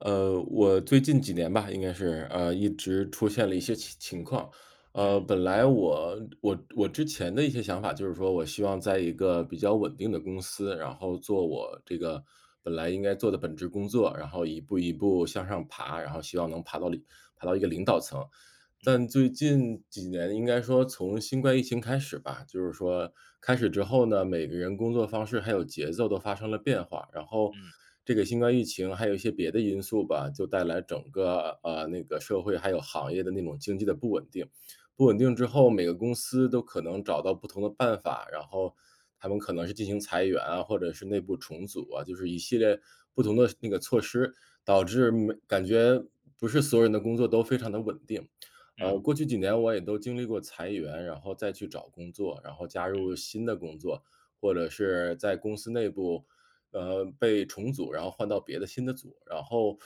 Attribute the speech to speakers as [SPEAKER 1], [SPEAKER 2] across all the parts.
[SPEAKER 1] 呃，我最近几年吧，应该是，呃，一直出现了一些情情况。呃，
[SPEAKER 2] 嗯。
[SPEAKER 1] 本来我我我之前的一些想法，就是说我希望在一个比较稳定的公司，然后做我这个本来应该做的本职工作，然后一步一步向上爬，然后希望能爬到领爬到一个领导层。
[SPEAKER 2] 嗯。
[SPEAKER 1] 但最近几年应该说从新冠疫情开始吧，就是说开始之后呢，每个人工作方式还有节奏都发生了变化。然后
[SPEAKER 2] 嗯。
[SPEAKER 1] 这个新冠疫情还有一些别的因素吧，就带来整个，呃，那个社会还有行业的那种经济的不稳定。不稳定之后，每个公司都可能找到不同的办法，然后它们可能是进行裁员啊，或者是内部重组啊，就是一系列，不同的那个措施，导致每感觉不是所有人的工作都非常地稳定。
[SPEAKER 2] 嗯。
[SPEAKER 1] 呃，过去几年我也都经历过裁员，然后再去找工作，然后加入
[SPEAKER 2] 嗯。
[SPEAKER 1] 了新的工作，或者是在公司内部，呃，被重组，然后换到别的新的组。然后，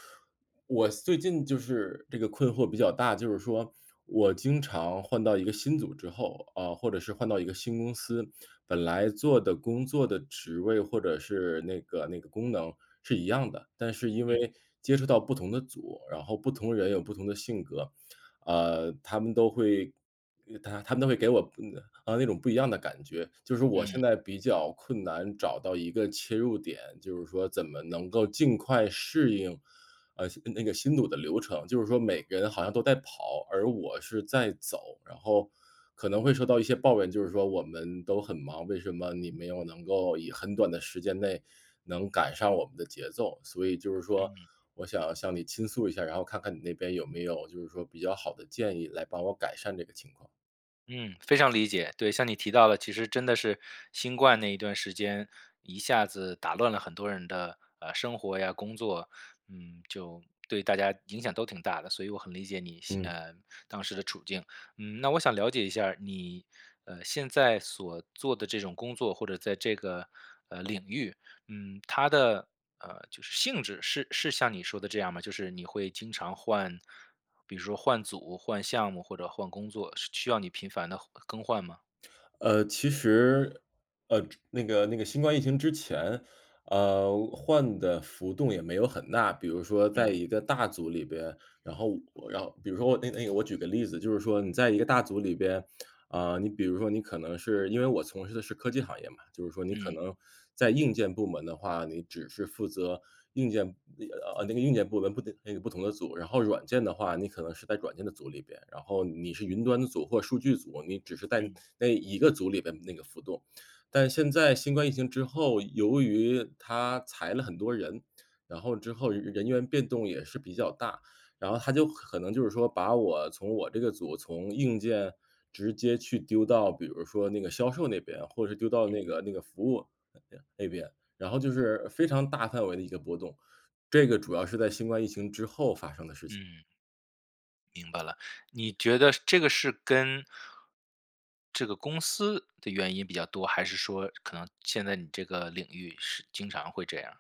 [SPEAKER 1] 我最近就是这个困惑比较大，就是说我经常换到一个新组之后，嗯，或者是换到一个新公司，本来做的工作的职位或者是那个那个功能是一样的。但是因
[SPEAKER 2] 嗯。
[SPEAKER 1] 为接触到不同的组，然后不同人有不同的性格，呃，他们都会呃，他他们都会给我，嗯，呃，那种不一样的感觉。就是我现
[SPEAKER 2] 嗯。
[SPEAKER 1] 在比较困难，找到一个切入点，就是说怎么能够尽快适应，嗯新，嗯，那个新组的流程。就是说每个人好像都在跑，而我是在走，然后可能会受到一些抱怨，就是说“我们都很忙，为什么你没有能够以很短的时间内，能赶上我们的节奏”。所以就是说
[SPEAKER 2] 嗯。
[SPEAKER 1] 我想向你倾诉一下，然后看看你那边有没有就是说比较好的建议，来帮我改善这个情况。
[SPEAKER 2] 嗯，非常理解，对。像你提到的，其实真的是新冠那一段时间，一下子打乱了很多人的，呃，生活呀，工作。嗯，就对大家影响都挺大的，所以我很理解你现
[SPEAKER 1] 嗯。
[SPEAKER 2] 呃，当时的处境。嗯，那我想了解一下你，呃，现在所做的这种工作或者在这个，呃，领域，嗯，它的，呃，就是性质是是像你说的这样吗？就是你会经常换比如说换组换项目或者换工作，是需要你频繁地换更换吗？
[SPEAKER 1] 呃，其实呃，这那个那个新冠疫情之前，呃，换的浮动也没有很大。比如说在
[SPEAKER 2] 嗯。
[SPEAKER 1] 一个大组里边，然后我然后比如说我那个那个我举个例子，就是说你在一个大组里边，啊，你比如说你可能是因为我从事的是科技行业嘛，就是说你可
[SPEAKER 2] 嗯。
[SPEAKER 1] 能在硬件部门的话，你只是负责硬件呃，呃，那个硬件部门不得那个不同的组，然后软件的话，你可能是在软件的组里边，然后你是云端的组或数据组，你只是在
[SPEAKER 2] 嗯。
[SPEAKER 1] 那一个组里边那个浮动。但现在新冠疫情之后，由于它裁了很多人，然后之后人人员变动也是比较大，然后它就可可能就是说把我从我这个组从硬件直接去丢到，比如说那个销售那边，或者是丢到那
[SPEAKER 2] 嗯。
[SPEAKER 1] 个那个服务那边。然后就是非常大范围的一个波动，这个主要是在新冠疫情之后发生的事情。
[SPEAKER 2] 嗯。明白了，你觉得这个是跟这个公司的原因比较多，还是说可能现在你这个领域是经常会这样？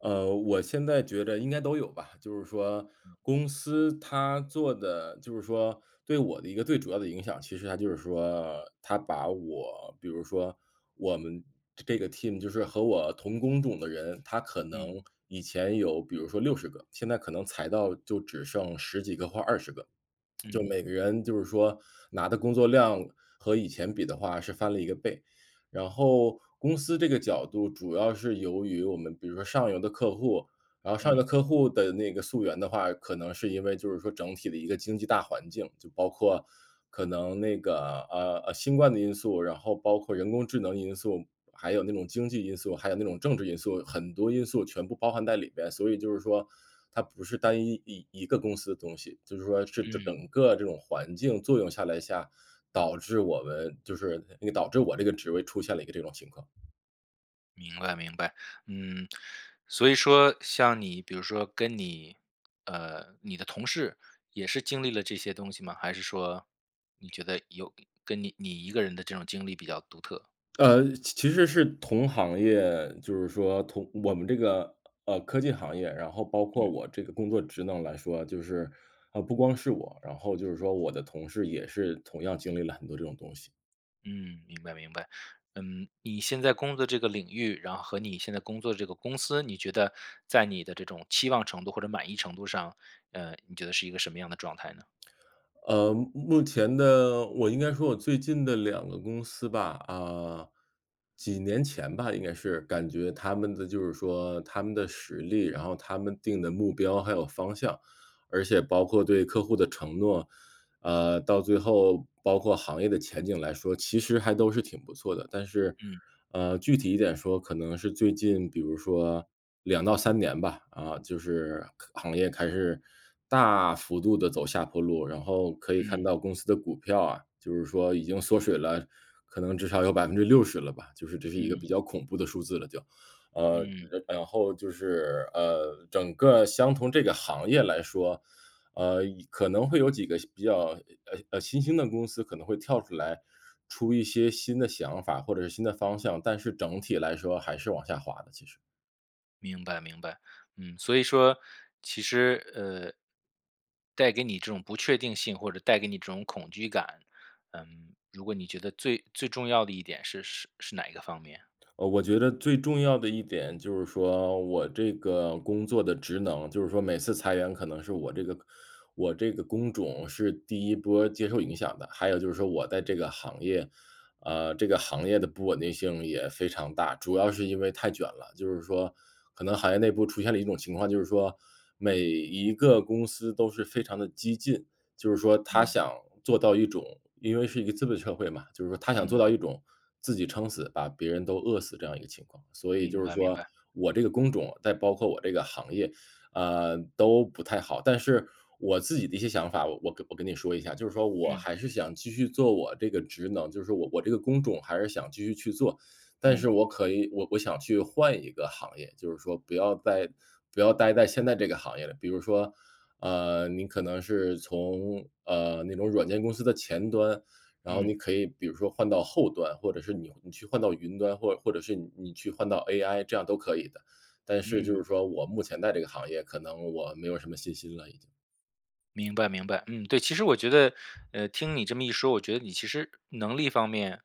[SPEAKER 1] 呃，我现在觉着应该都有吧。就是说公司它做的就是说对我的一个最主要的影响，其实它就是说，它把我比如说我们这这个 team 就是和我同工种的人，他可
[SPEAKER 2] 嗯。
[SPEAKER 1] 能以前有比如说60个，现在可能裁到就只剩10几个或20个，
[SPEAKER 2] 嗯。
[SPEAKER 1] 就每个人就是说拿的工作量和以前比的话是翻了1个倍。然后公司这个角度主要是由于我们比如说上游的客户，然后上游
[SPEAKER 2] 嗯。
[SPEAKER 1] 的客户的那个溯源的话，可能是因为就是说整体的一个经济大环境，就包括可能那个，呃，呃，新冠的因素，然后包括人工智能因素，还有那种经济因素，还有那种政治因素，很多因素全部包含在里边。所以就是说，它不是单一一一个公司的东西，就是说是整
[SPEAKER 2] 嗯。
[SPEAKER 1] 整个这种环境作用下来下，导致我们就是那导致我这个职位出现了一个这种情况。
[SPEAKER 2] 明白明白。嗯，所以说像你比如说跟你，呃，你的同事也是经历了这些东西吗？还是说，你觉得有跟你你一个人的这种经历比较独特？
[SPEAKER 1] 呃，其其实是同行业，就是说同我们这个，呃，科技行业，然后包括
[SPEAKER 2] 嗯。
[SPEAKER 1] 我这个工作职能来说，就是呃，不光是我，然后就是说我的同事也是同样经历了很多这种东西。
[SPEAKER 2] 嗯，明白明白。嗯，你现在工作这个领域，然后和你现在工作的这个公司，你觉得在你的这种期望程度或者满意程度上，呃，你觉得是一个什么样的状态呢？
[SPEAKER 1] 呃，目目前的我应该说我最近的2个公司吧，啊，几年前吧，应该是，感觉它们的就是说它们的实力，然后它们定的目标还有方向，而且包括对客户的承诺，呃，到最后包括行业的前景来说，其实还都是挺不错的。但是，
[SPEAKER 2] 嗯。
[SPEAKER 1] 呃，具体一点说，可能是最近比如说2到3年吧，啊，就是行业开始大幅度地走下坡路，然后可以看
[SPEAKER 2] 嗯。
[SPEAKER 1] 到公司的股票啊，就是说已经缩水了可能至少有60%了吧，就是这是一个比
[SPEAKER 2] 嗯。
[SPEAKER 1] 较恐怖的数字了就。呃，
[SPEAKER 2] 嗯。
[SPEAKER 1] 然然后就是，呃，整个相同这个行业来说，呃，可能会有几个相比较，呃，呃，呃，新兴的公司可能会跳出来，出一些新的想法或者是新的方向，但是整体来说还是往下滑的，其实。
[SPEAKER 2] 明白明白，嗯，所以说其实，呃带给你这种不确定性，或者带给你这种恐惧感，嗯，如果你觉得最最重要的一点是是是哪一个方面啊？
[SPEAKER 1] 嗯，我觉得最重要的一点，就是说我这个工作的职能就是说每次裁员，可能是我这个我这个工种是第1波接受影响的。还有就是说我在这个行业，呃，这个行业的不稳定性也非常大，主要是因为太卷了。就是说可能行业内部出现了一种情况，就是说每一个公司都是非常地激进，就是说它
[SPEAKER 2] 嗯。
[SPEAKER 1] 想做到一种因为是一个资本社会嘛，就是说它想做
[SPEAKER 2] 嗯。
[SPEAKER 1] 到一种自己撑死，把别人都饿死这样一个情况。所以就
[SPEAKER 2] 明
[SPEAKER 1] 是
[SPEAKER 2] 白明
[SPEAKER 1] 说
[SPEAKER 2] 白。
[SPEAKER 1] 我这个工种，再包括我这个行业，呃，都不太好。但是我自己的一些想法，我跟我跟你说一下，就是说我
[SPEAKER 2] 嗯。
[SPEAKER 1] 还是想继续做我这个职能，就是我我这个工种还是想继续去做，但是
[SPEAKER 2] 嗯。
[SPEAKER 1] 我可以我我想去换一个行业，就是说不要在不要待在现在这个行业了。比如说，呃，你可能是从，呃，那种软件公司的前端，然后
[SPEAKER 2] 嗯。
[SPEAKER 1] 你可以比如说换到后端，或者是你你去换到云端或或者是你你去换到 AI 这样都可以的。但是就
[SPEAKER 2] 嗯。
[SPEAKER 1] 是说我目前在这个行业，可能我没有什么信心了已经。
[SPEAKER 2] 明白明白。嗯，对，其实我觉得，呃，听你这么一说，我觉得你其实能力方面，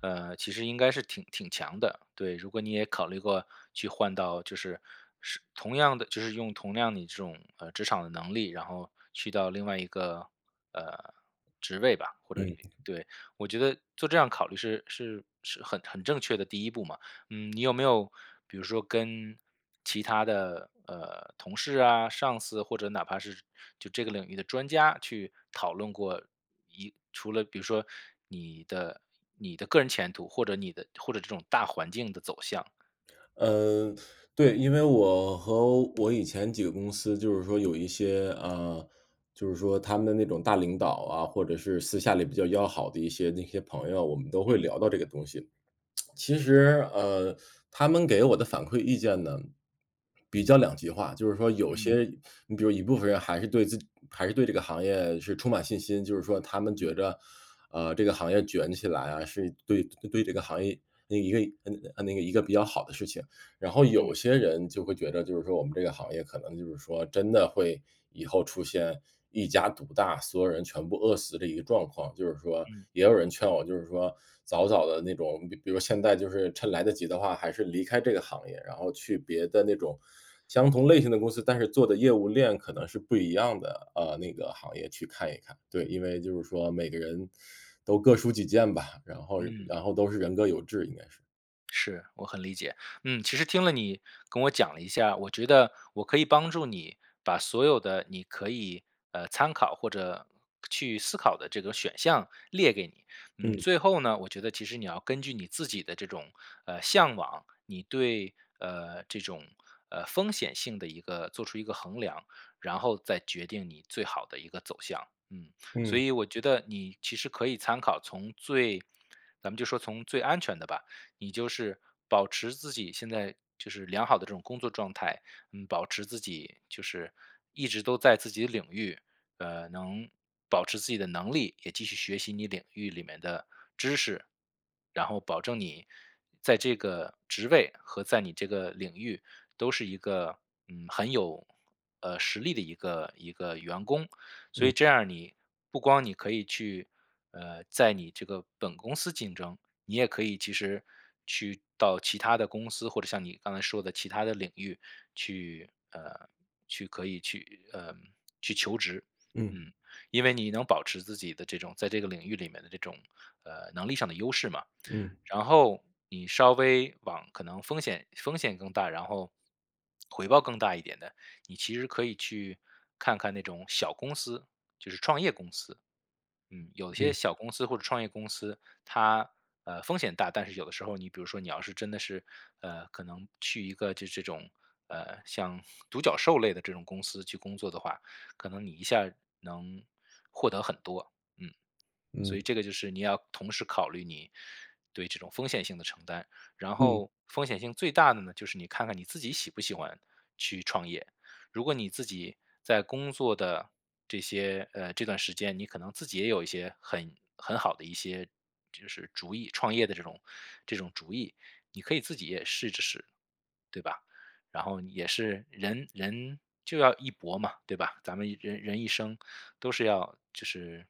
[SPEAKER 2] 呃，其实应该是挺挺强的。对，如果你也考虑过，去换到就是是同样的就是用同样你这种，呃，职场的能力，然后去到另外一个，呃，职位吧，或者
[SPEAKER 1] 嗯。
[SPEAKER 2] 对。我觉得做这样考虑是是是很很正确的第一步嘛。嗯，你有没有比如说跟其他的，呃，同事啊、上司或者哪怕是就这个领域的专家去讨论过，一除了比如说你的你的个人前途或者你的或者这种大环境的走向？
[SPEAKER 1] 嗯，对，因为我和我以前几个公司就是说有一些，呃，就是说他们的那种大领导啊，或者是私下里比较要好的一些那些朋友，我们都会
[SPEAKER 2] 嗯。
[SPEAKER 1] 聊到这个东西。其实，呃，他们给我的反馈意见呢，比较两极化。就是说有
[SPEAKER 2] 嗯。
[SPEAKER 1] 些你比如一部分人还是对自己还是对这个行业是充满信心，就是说他们觉
[SPEAKER 2] 嗯。
[SPEAKER 1] 得，呃，这个行业卷起来啊，是对对这个行业那一个嗯啊那一个比较好的事情。然后有
[SPEAKER 2] 嗯。
[SPEAKER 1] 些人就会觉得，就是说我们这个行业，可能就是说真的会以后出现一家独大，所有人全部饿死这一个状况。就是说，
[SPEAKER 2] 嗯。
[SPEAKER 1] 也有人劝我就是说早早的那种比比如现在就是趁来得及的话，还是离开这个行业，然后去别的那种相同类型的公司，但是做的业务链可能是不一样的，呃，那个行业去看一看。对，因为就是说每个人都各抒己见吧，然后
[SPEAKER 2] 嗯。
[SPEAKER 1] 然后都是人各有志，应该是。
[SPEAKER 2] 是，我很理解。嗯，其实听了你跟我讲了一下，我觉得我可以帮助你把所有的你可以，呃，参考或者，去思考的这个选项列给你。嗯，
[SPEAKER 1] 嗯。
[SPEAKER 2] 最后呢，我觉得其实你要根据你自己的这种，呃，向往，你对，呃，这种，呃，风险性的一个做出一个衡量，然后再决定你最好的一个走向。嗯，所
[SPEAKER 1] 嗯。
[SPEAKER 2] 以我觉得你其实可以参考，从最咱们就说从最安全的吧，你就是保持自己现在就是良好的这种工作状态，嗯，保持自己就是一直都在自己的领域，呃，能保持自己的能力，也继续学习你领域里面的知识。然后保证你在这个职位，和在你这个领域都是一个，嗯，很有，呃，实力的一个一个员工。所以
[SPEAKER 1] 嗯。
[SPEAKER 2] 这样你不光你可以去，呃，在你这个本公司竞争，你也可以其实去到其它的公司或者像你刚才说的其它的领域去，呃，去可以去，呃，去求职。
[SPEAKER 1] 嗯。
[SPEAKER 2] 嗯。因为你能保持自己的这种在这个领域里面的这种，呃，能力上的优势嘛。
[SPEAKER 1] 嗯。
[SPEAKER 2] 然后你稍微往可能风险风险更大，然后，回报更大一点的，你其实可以去看看那种小公司-就是创业公司。嗯。有些
[SPEAKER 1] 嗯。
[SPEAKER 2] 小公司或者创业公司，它，呃，风险大，但是有的时候你比如说你要是真的是，呃，可能去一个就是这种，呃，像独角兽类的这种公司去工作的话，可能你一下能，获得很多。嗯。所以
[SPEAKER 1] 嗯。
[SPEAKER 2] 这个就是你要同时考虑你对这种风险性的承担，然
[SPEAKER 1] 嗯。
[SPEAKER 2] 后风险性最大的呢，就是你看看你自己喜不喜欢去创业？如果你自己在工作的这些，呃这段时间你可能自己也有一些很很好的一些就是主意，创业的这种这种主意，你可以自己也试着试。对吧？然后也是人人就要一搏嘛，对吧？咱们人人一生都是要就是，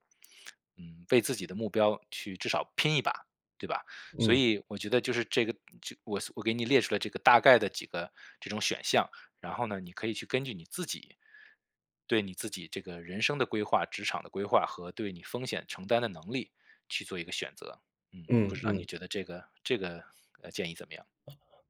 [SPEAKER 2] 嗯，为自己的目标去至少拼一把，对吧？所
[SPEAKER 1] 嗯。
[SPEAKER 2] 以我觉得就是这个就我我给你列出了这个大概的几个这种选项，然后呢，你可以去根据你自己，对你自己这个人生的规划、职场的规划和对你风险承担的能力去做一个选择。嗯，不
[SPEAKER 1] 嗯
[SPEAKER 2] 知道你
[SPEAKER 1] 嗯。
[SPEAKER 2] 觉得这个这个，呃，建议怎么样？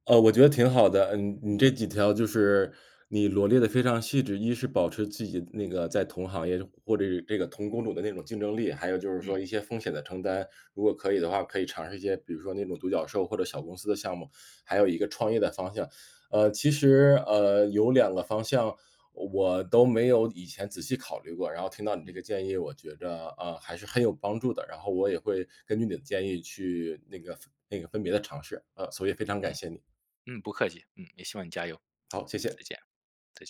[SPEAKER 1] 呃，我觉得挺好的，嗯嗯，你
[SPEAKER 2] 嗯。
[SPEAKER 1] 这几条就是你罗列得非常细致，一是保持自己那个在同行业，或者是这个同工种的那种竞争力。还有就是说
[SPEAKER 2] 嗯。
[SPEAKER 1] 一些风险的承担。如果可以的话可以尝试一些，比如说那种独角兽或者小公司的项目，还有一个创业的方向。呃，其实，呃，有2个方向我都没有以前仔细考虑过，然后听到你这个
[SPEAKER 2] 嗯。
[SPEAKER 1] 建议，我觉得，呃，还是很有帮助的，然后我也会根据你的建议去那个分那个分别地尝试，呃，所以非常感
[SPEAKER 2] 嗯，
[SPEAKER 1] 谢你。
[SPEAKER 2] 嗯，不客气。嗯，也希望你加油。
[SPEAKER 1] 好，谢
[SPEAKER 2] 再
[SPEAKER 1] 谢。
[SPEAKER 2] 见，再见。